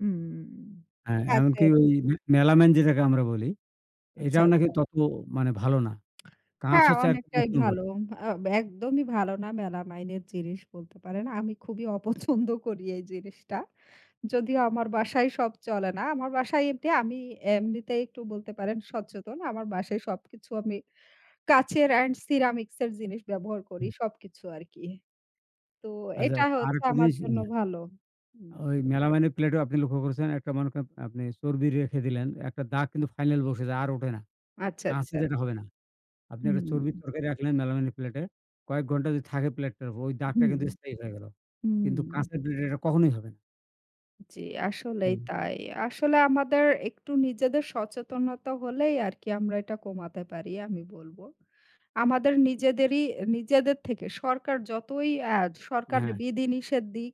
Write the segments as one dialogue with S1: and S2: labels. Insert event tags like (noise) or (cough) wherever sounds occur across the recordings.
S1: হুম।
S2: হ্যাঁ, এমনকি
S1: কাঁচের।
S2: ওই মেলামাইন যেটাকে আমরা বলি
S1: আচ্ছা,
S2: এটাও নাকি
S1: আচ্ছা।
S2: তত মানে ভালো না। কাঁচ
S1: হ্যাঁ,
S2: হচ্ছে এক
S1: অনেকটাই
S2: (unintelligible)
S1: ভালো। আ একদমই ভালো না মেলামাইনের জিনিস বলতে পারেন। আমি খুবই অপছন্দ করি এই জিনিসটা। যদিও আমার বাসায় সব চলে না। আমার বাসায় এঁটে আমি এমনিতে একটু বলতে পারেন সচেতন। আমার বাসায় সবকিছু আমি কাঁচের এন্ড সিরামিক্সের জিনিস ব্যবহার করি সবকিছু আরকি। তো
S2: আচ্ছা,
S1: এটা হচ্ছে
S2: আরেকটা
S1: আমার
S2: জিনিস
S1: জন্য ভালো। হুম।
S2: ওই মেলামাইনের প্লেটেও আপনি লক্ষ্য করেছেন একটা মনে করেন আপনি চর্বি রেখে দিলেন। একটা দাগ কিন্তু final বসে যায় আর ওঠে না।
S1: আচ্ছা,
S2: কাঁচে
S1: আচ্ছা।
S2: যেটা হবে না। আপনি
S1: হু,
S2: একটা চর্বির
S1: হুম।
S2: তরকারি রাখলেন মেলামাইনের প্লেটে, কয়েক ঘণ্টা যদি থাকে প্লেটটার উপর ওই দাগটা
S1: হুম।
S2: কিন্তু স্থায়ী হয়ে গেল।
S1: হুম।
S2: কিন্তু কাঁচের প্লেটে এটা কখনোই হবে না।
S1: জি আসলেই
S2: হুম।
S1: তাই। আসলে আমাদের একটু নিজেদের সচেতনতা হলেই আরকি আমরা এটা কমাতে পারি আমি বলব। আমাদের নিজেদেরই এ নিজেদের থেকে সরকার যতই অ্যা সরকার
S2: হ্যাঁ।
S1: বিধি-নিষেধ দিক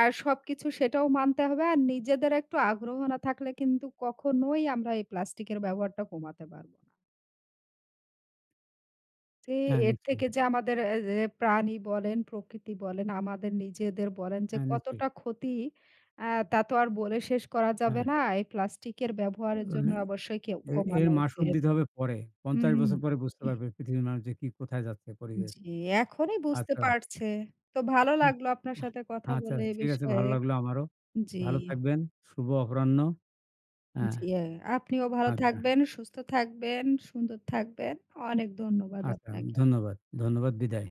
S1: আর সবকিছু সেটাও মানতে হবে। আর নিজেদের একটু আগ্রহ না থাকলে কিন্তু কখনোই আমরা এই প্লাস্টিকের ব্যবহারটা কমাতে পার জি,
S2: হ্যাঁ।
S1: এর থেকে
S2: নিশ্চয়ই।
S1: যে আমাদের অ্যা এ প্রাণী বলেন, প্রকৃতি বলেন, আমাদের নিজেদের বলেন যে
S2: হ্যাঁ, নিশ্চয়ই।
S1: কতটা ক্ষতি অ্যা তা তো আর বলে শেষ করা যাবে
S2: হ্যাঁ।
S1: না। এই প্লাস্টিকের
S2: এ
S1: ব্যবহারের জন্য অবশ্যই কেও
S2: এ এর
S1: কমানো
S2: মাসুল
S1: উচিত।
S2: দিতে হবে পরে। ৫০
S1: হুম।
S2: বছর পরে বুঝতে
S1: (clears throat)
S2: পারবে পৃথিবীর মানুষ যে কি কোথায় যাচ্ছে পরিবেশ।
S1: জি, এখনই বুঝতে
S2: আচ্ছা।
S1: পারছে। তো ভালো
S2: উ
S1: লাগলো আপনার
S2: আ
S1: সাথে কথা
S2: আচ্ছা,
S1: বলে এ
S2: ঠিক আছে,
S1: বিষয়ে।
S2: ভালো লাগলো আমারও।
S1: জি।
S2: ভালো থাকবেন। শুভ অপরাহ্ন হ্যাঁ।
S1: জি, আপনিও ভালো
S2: আচ্ছা।
S1: থাকবেন, সুস্থ থাকবেন, সুন্দর থাকবেন। অনেক ধন্যবাদ
S2: আচ্ছা,
S1: আপনাকে।
S2: ধন্যবাদ। ধন্যবাদ। বিদায়।